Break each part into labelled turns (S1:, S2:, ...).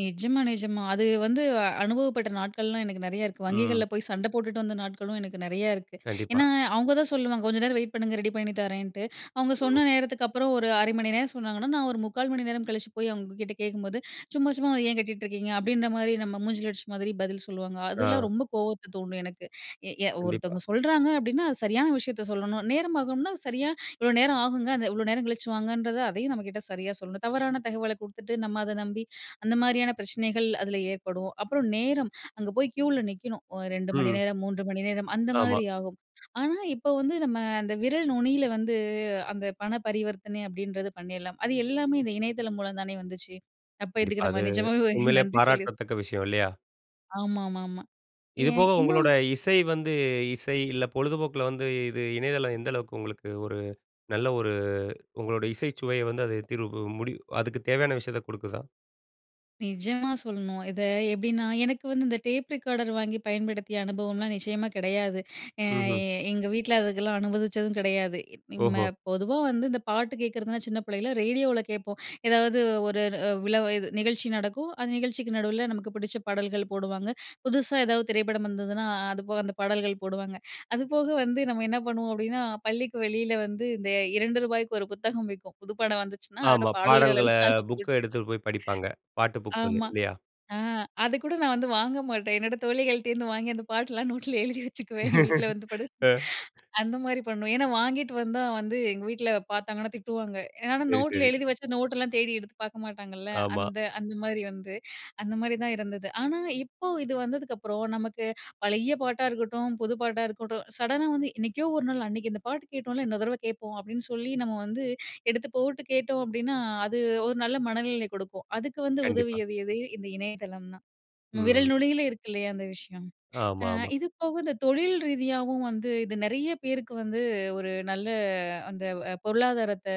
S1: நிஜமா நிஜமா அது வந்து அனுபவப்பட்ட நாட்கள்லாம் எனக்கு நிறையா இருக்கு
S2: ம்.
S1: வங்கிகள்ல போய் சண்ட போட்டுட்டு வந்த நாட்களும் எனக்கு நெறையா இருக்கு.
S2: கண்டிப்பா.
S1: ஏன்னா, அவுங்க தான் சொல்லுவாங்க கொஞ்சம் நேரம் வெயிட் பண்ணுங்க. ரெடி பண்ணி தரேன்ட்டு, அவுங்க
S2: ம்.
S1: சொன்ன நேரத்துக்கு அப்புறம் ஒரு 1/2 மணி நேரம் சொன்னாங்கன்னா, நான் ஒரு 3/4 மணி நேரம் கழிச்சு போய் அவுங்ககிட்ட கேக்கும்போது, ''சும்மா சும்மா ஏன் கேட்டுட்.ருக்கீங்க?'' அப்டின்ற மாரி நம்ம மூஞ்சில அடிச்ச மாதிரி பதில் சொல்லுவாங்க. அதெல்லாம்
S2: ஆ.
S1: ரொம்ப கோவத்த தூண்டும் எனக்கு. எ ய
S2: கண்டிப்பா.
S1: ஒருத்தவங்க சொல்றாங்க அப்டின்னா, அது சரியான விஷயத்த சொல்லணும். நேரம் ஆகும்ன்னா, சரியா, "இவ்வளோ நேரம் ஆகுங்க." அந்த இவ்வளோ நேரம் கழிச்சு வாங்கன்றது, அதயும் நம்ம கிட்ட சரியா சொல்லணும். தவறான தகவல குடுத்துட்டு, நம்ம அத நம்பி, அந்த மாரியான பிரச்சனகள் அதில ஏற்படும். அப்புறம் நேரம், அங்க போய் க்யூவில நிக்கணும் ஒ 2 மணி
S2: ம்.
S1: நேரம் 3 மணி நேரம், அந்த
S2: ஆமா.
S1: மாதிரி ஆகும். ஆனா இப்ப வந்து நம்ம அந்த விரல் நுனியில வந்து, அந்த பண பரிவர்த்தனை அப்டின்றது பண்ணிரலாம். அது எல்லாமே இந்த இணையதளம் மூலம் தானே வந்துச்சு? அப்போ
S2: கண்டிப்பா
S1: இதுக்கு நம்ம
S2: அது,
S1: நிஜமாவே ஒரு
S2: உண்மையிலேயே
S1: நன்றி சொல்லி
S2: பாராட்டத்தக்க விஷயம் இல்லயா?
S1: ஆமாமாமா.
S2: இது
S1: ஏன்
S2: போக உங்களோட
S1: இன்னும்
S2: இசை வந்து இசை இல்ல பொழுதுபோக்கில வந்து இது இணையதளம் எந்த அளவுக்கு உங்களுக்கு ஒரு நல்ல ஒரு உங்களோட இசைச் சுவையை வந்து அது தீர்வு முடிவு அதுக்குத் தேவையான விஷயத்த குடுக்குதா?
S1: நிஜமா சொல்லணும். இத எப்டின்னா எனக்கு வந்து இந்த டேப் ரெக்கார்டர் வாங்கி பயன்படுத்திய அனுபவம்லாம் நிச்சயமா கிடையாது. அ
S2: ம்ஹம்.
S1: எங்க வீட்ல அதுக்கெல்லாம் அனுமதிச்சதும் கெடையாது. ம்
S2: ஓஹோ!
S1: ம பொதுவா வந்து இந்த பாட்டு கேக்கிறதுன்னா, சின்ன பிள்ளைல ரேடியோவில கேட்போம். எதாவது ஒரு ர அ விழாவ இது நிகழ்ச்சி நடக்கும். அந்த நிகழ்ச்சிக்கு நடுவில நமக்கு பிடிச்ச பாடல்கள் போடுவாங்க. புதுசா ஏதாவது திரைப்படம் வந்ததுன்னா, அ அது போக அந்த பாடல்கள் போடுவாங்க. அதுபோக வந்து நம்ம என்ன பண்ணுவோம் அப்டின்னா, பள்ளிக்கு வெளியில வந்து, இந்த ரூ. 2க்கு ஒரு புத்தகம் விக்கும் புது படம் வந்துச்சுன்னா, அதோட
S2: ஆமா.
S1: பாடல்கள்
S2: பாடல்கள,
S1: எல்லாம்
S2: புக்க
S1: போட்டு.
S2: எடுத்துட்டு போய் படிப்பாங்க. பாட்டு புக்குன்னு.
S1: ஆமா.
S2: இல்லயா?
S1: ஆ அதுக்கூட நான் வந்து வாங்க மாட்டேன். என்னோட தோழிகள்ட்டேருந்து வாங்கி அந்த பாட்டெல்லாம் நோட்ல எழுதி வச்சுக்குவேன். என் வீட்ல வந்து படு
S2: அ.
S1: அந்த மாரி பண்ணுவேன். ஏன்னா வாங்கிட்டு வந்தா வந்து, எங்க வீட்ல பாத்தாங்கன்னா திட்டுவாங்க. ஏன்னா
S2: சரி
S1: நோட்ல
S2: சரி.
S1: எழுதி வச்சா நோட்டெல்லாம் தேடி எடுத்து பாக்க மாட்டாங்கல்ல.
S2: ஆமா.
S1: அந்த அந்த மாரி வந்து அந்த மாரி தான் இருந்தது. ஆனா இப்போ, இது வந்ததுக்கு அப்புறம் நமக்கு பழைய பாட்டா இருக்கட்டும், புது பாட்டா இருக்கட்டும் சடனா வந்து "என்னைக்கோ ஒரு நாள் அன்னக்கு இந்த பாட்டு கேட்டோம்ல! இன்னொரு தரவை கேட்போம்." அப்டின்னு சொல்லி நம்ம வந்து எடுத்து போட்டு கேட்டோம் அப்டின்னா, அது ஒரு நல்ல மனநிலை கொடுக்கும். அதுக்கு வந்து
S2: கண்டிப்பா.
S1: உதவியது எது? இந்த இணையதளம் தான். விரல்
S2: ம்.
S1: நுனியில இருக்கு இல்லயா, அந்த விஷயம். ஆ
S2: ஆமாமா.
S1: இது போக இந்த தொழில் ரீதியாவும் வந்து, இது நிறைய பேருக்கு வந்து ஒரு நல்ல அந்த பொருளாதாரத்த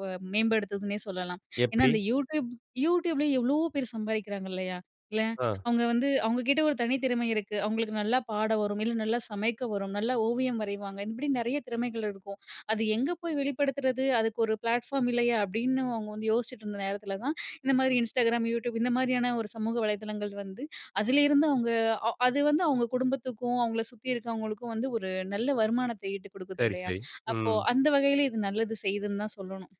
S1: வ மேம்படுத்துதுன்னே சொல்லலாம். ஏன்னா
S2: எப்டி?
S1: அந்த YouTube YouTubeல எவ்வளோ பேர் சம்பாதிக்கிறாங்க இல்லயா? இல்ல!
S2: ஆ,
S1: அவுங்க வந்து அவுங்க கிட்ட ஒரு தனி திறமை இருக்கு. அவுங்களுக்கு நல்லா பாட வரும். இல்ல நல்லா சமைக்க வரும். நல்லா ஓவியம் வரைவாங்க. இப்படி நெறைய திறமைகள் இருக்கும். அது எங்கே போய் வெளிப்படுத்துறது? அதுக்கு ஒரு ப்ளாட்ஃபார்ம் இல்லயா அப்டின்னு அவுங்க வந்து யோசிச்சிட்டு இருந்த நேரத்தில தான், இந்த மாதிரி Instagram, YouTube இந்த மாதிரியான ஒரு சமூக வலதளங்கள் வந்து, அதுலேருந்து அவுங்க அ அது வந்து அவுங்க குடும்பத்துக்கும், அவுங்கள சுத்தி இருக்கிறவங்களுக்கும் வந்து ஒரு நல்ல வருமானத்தை ஈட்டு குடுக்குது
S2: சரி
S1: இல்லயா!
S2: சரி.
S1: அப்போ
S2: ம்.
S1: அந்த வகையில இது நல்லது செய்யுதுன்னு தான் சொல்லணும்.